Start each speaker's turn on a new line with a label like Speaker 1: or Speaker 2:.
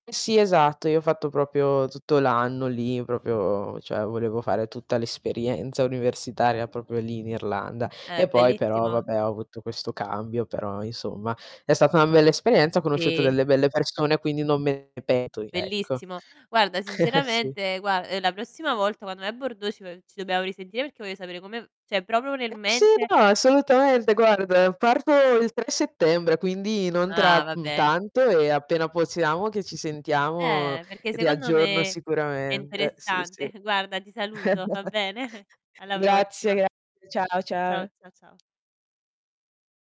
Speaker 1: Sì, esatto, io ho fatto proprio tutto l'anno lì, proprio cioè volevo fare tutta l'esperienza universitaria proprio lì in Irlanda,
Speaker 2: Eh,
Speaker 1: e poi però
Speaker 2: bellissimo.
Speaker 1: vabbè, ho avuto questo cambio però, insomma, è stata una bella esperienza, ho conosciuto
Speaker 2: Sì.
Speaker 1: delle belle persone quindi non me ne pento di ecco.
Speaker 2: Bellissimo. Guarda,
Speaker 1: Sì.
Speaker 2: sinceramente gua ehm, la prossima volta quando vai a bordo ci vo ci dobbiamo risentire perché voglio sapere come v cioè proprio nel
Speaker 1: Eh, sì,
Speaker 2: mente
Speaker 1: no, assolutamente guarda parto il 3 settembre quindi, non
Speaker 2: Ah,
Speaker 1: tra, mhmm,
Speaker 2: vabbè.
Speaker 1: tanto e appena possiamo che ci sentiamo,
Speaker 2: Eh, perché
Speaker 1: ti
Speaker 2: secondo
Speaker 1: aggiorno
Speaker 2: me è
Speaker 1: sicuramente. Sì, sì.
Speaker 2: interessante. Guarda ti saluto, va bene? Alla
Speaker 1: Grazie,
Speaker 2: prossima.
Speaker 1: grazie. Ciao,
Speaker 2: Ciao, cia
Speaker 1: ciao.
Speaker 2: ciao.